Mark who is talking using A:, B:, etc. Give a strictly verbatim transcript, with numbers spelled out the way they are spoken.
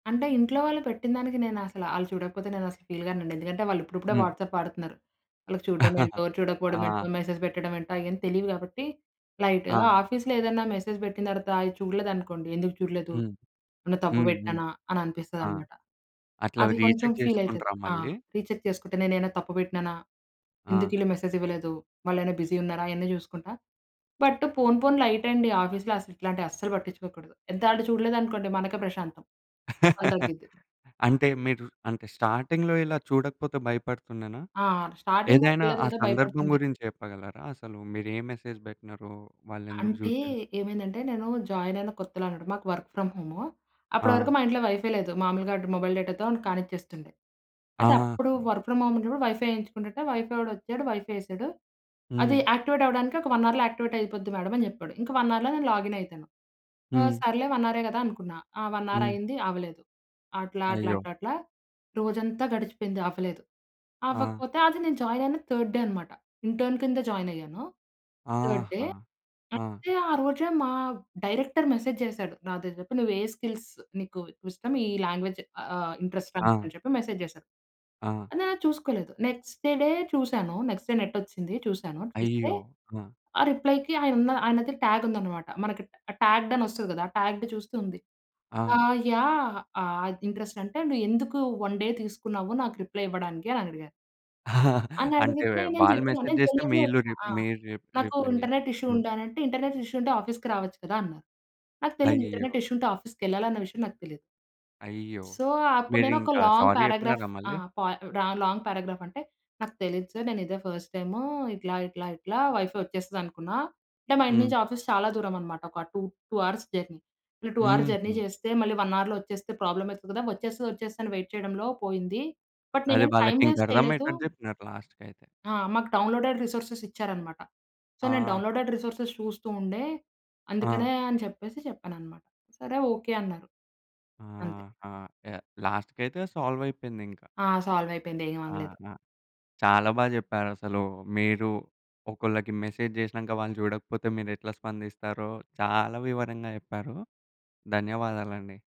A: అంటే ఇంట్లో వాళ్ళు పెట్టినదానికి నేనసల ఆళ్ళు చూడకపోతే నేనసలు ఫీల్ గానండి. ఎందుకంటే వాళ్ళు ఇప్పుడిప్పుడే
B: హ్మ్.
A: వాట్సాప్ వాడుతున్నారు. వాళ్ళకి చూడ్డమేంటో,
B: ఆ!
A: చూడకపోవడమేంటో, మెసేజ్ పెట్టడమేంటో అయేం తెలీవు గాబట్టి లైటు.
B: ఆ!
A: ఆఫీస్‌లో ఏదన్నా మెసేజ్ బెట్టిన తర్వాత అది చూడలేదనుకోండి. ఎందుకు చూడలేదు?
B: హ్మ్.
A: ఏమన్న తప్పు
B: హ్మ్, హ్మ్.
A: బెట్టానా?
B: ఆ!
A: అననిపిస్తదనమాట.
B: అట్లా
A: అది కొంచెం
B: రీచెక్
A: ఫీలైతది.
B: చేసుకుంటరా
A: ఆ!
B: మళ్ళీ?
A: రీచెక్ చేసుకుంటే నేనేమైనా తప్పు బెట్టినానా?
B: ఆ!
A: ఎందుకీళ్ళు మెసేజ్ ఇవ్వలేదు? వాళ్ళైనా బిజీ ఉన్నారా? అయన్నీ జూసుకుంటా. బట్ పోను పోను లైటండి. ఆఫీస్‌లో అసలు ఇట్లాంటివి అస్సలు పట్టించుకోకూడదు. ఎంత అంటే చూడలేదనుకోండి మనకే ప్రశాంతం. పని తగ్గిద్ది.
B: అంటే మీరు అంటే స్టార్టింగ్‌లో ఇలా చూడకపోతే భయపడుతుండేనా?
A: ఆ! అంటే స్టార్టింగ్‌లో
B: ఏదైనా
A: తెలీదు
B: ఆ
A: కదా!
B: సందర్భం
A: భయపడుతుండే.
B: గురించి చెప్పగలరా? అసలు మీరే మెసేజ్ బెట్టినారో వాళ్ళు ఎందుకు
A: అంటే
B: జూడలేదు?
A: ఏమైందంటే నేను జాయిన్ అయిన కొత్తలో అనమాట. మాకు వర్క్ ఫ్రమ్ హోము అప్పటి
B: ఆ!
A: వరకు మా ఇంట్లో వైఫై లేదు. మామూలుగాడ్ మొబైల్ డేటాతో కానిచ్చేస్తుండే. అయితే
B: ఆహా!
A: అప్పుడు వర్క్ ఫ్రమ్ హోం ఉన్నప్పుడు వైఫై యేయించుకుంటుంటే వైఫై వాడొచ్చాడు వైఫై ఏసాడు. "అది
B: హ్మ్.
A: యాక్టివేట్ అవ్వడానికి ఒక వన్ అవర్‌లో యాక్టివేటయిపోద్ది మ్యాడం" అని జెప్పాడు. ఇంక వన్ అవర్‌లో నేను లాగినయితాను. ఆ!
B: హ్మ్.
A: సర్లే వన్ అవరె కదా! అనుకున్నా. ఆ వన్
B: హ్మ్.
A: అవరయింది అవ్వలేదు. అట్లా, అట్లా
B: అయ్యో!
A: అట్లా రోజంతా గడిచిపోయింది. అవ్వలేదు.
B: ఆ!
A: అవ్వకపోతే అది నేను జాయినయిన థర్డ్ డే అనమాట. ఇంటర్న్ కింద జాయినయ్యాను. థర్డ్ డే
B: ఆహా! ఆ!
A: అయితే ఆ రోజే మా డైరెక్టర్ మెసేజ్ జేసాడు. "నాతో జెప్పు నువ్వే స్కిల్స్ నీకు ఇష్టం ఈ లాంగ్వేజ్ ఆహ్, ఇంట్రెస్టా
B: ఆ!
A: నీకని" చెప్పి మెసేజ్ జేశారు.
B: ఆ!
A: నేనది చూసుకోలేదు. నెక్స్ట్ డే చూసాను. నెక్స్ట్ డే నెటొచ్చింది చూసాను. చూస్తే,
B: అయ్యో! ఆ!
A: ఆ రిప్లైకి ఆయనున్న ఆయనది టాగుందనమాట. మనకి ట్ టాగ్డ్ అనొస్తది గదా! ఆ టాగ్డ్ చూస్తూ ఉంది. ఆ!
B: ఆ!
A: యాహ్! ఆ ఇంట్రెస్టంటే "నువ్వెందుకు వన్ డే తీసుకున్నావు నాకు రిప్లై ఇవ్వడానికి" అనడిగారు.
B: అంటే
A: అనడిగితే నేను
B: వాళ్ళు
A: జెప్పినా. నేను
B: మెసేజేస్తే
A: జెన్యూన్‌గా
B: మీళ్ళు
A: ఒప్
B: రి
A: ఆ!
B: మీరు రి
A: నాకు
B: రిప్లై ఇయ్యాలి.
A: ఇంటర్నెట్ ఇష్యూ
B: హ్మ్
A: ఉండేనంటే "ఇంటర్నెట్ ఇష్యూ ఉంటే ఆఫీస్‌కి రావచ్చు కదా!" అన్నారు. నాకు తెలీదు ఇంటర్నెట్
B: అయ్యో!
A: ఇష్యూ ఉంటే ఆఫీస్‌కెళ్ళాలన్న విషయం నాకు తెలీదు.
B: అయ్యో!
A: సో, అప్పుడు నేను ఒక
B: మీరింక
A: లాంగ్
B: సారీ
A: పారాగ్రాఫ్
B: జెప్పినారా మళ్ళీ?
A: ఆహ్, ప ర లాంగ్ పారాగ్రాఫంటే నాకు తెలీదు సార్ నేనిదే ఫస్ట్ టైము ఇట్లా, ఇట్లా, ఇట్లా వైఫై వచ్చేస్తదనుకున్నా. అంటే మా ఇంటి
B: హ్మ్.
A: నుంచి ఆఫీస్ చాలా దూరమనమాట ఒక టూ టూ అవర్స్ జర్నీ. ఈ టూ అవర్స్ జర్నీ
B: హుహు.
A: జేస్తే మళ్ళీ వన్ అవర్‌లో వచ్చేస్తే ప్రాబ్లమయితది గదా! వచ్చేస్తది వచ్చేస్తది అని వెయిట్ చేయడంలో పోయింది. బట్
B: అది
A: నేనేం టైం వేస్ట్ చేయలేదు.
B: వాళ్ళకింకర్థమయ్యేటట్టు జెప్పినారు లాస్ట్‌కయితే.
A: ఆ! మాకు డౌన్‌లోడెడ్ రిసోర్సెసిచ్చారనమాట. సో నేను
B: ఆహా!
A: డౌన్‌లోడెడ్ రిసోర్సెస్ చూస్తూ ఉండే
B: ఆ!
A: అందుకనే అని చెప్పేసి చెప్పాననమాట "సరే ఓకే." అన్నారు. అంతే.
B: ఆహా! యాహ్! లాస్ట్‌కయితే సాల్వయిపోయిందింక.
A: ఆ సాల్వయిపోయింది. ఏమనలేదు.
B: ఆహా! చాలా బాగా జెప్పారసలు. మీరు ఒకళ్ళకి మెసేజ్ జేసినాంక వాళ్ళు చూడకపోతే మీరెట్లా స్పందిస్తారో చాలా వివరంగా జెప్పారు. ధన్యవాదాలండి.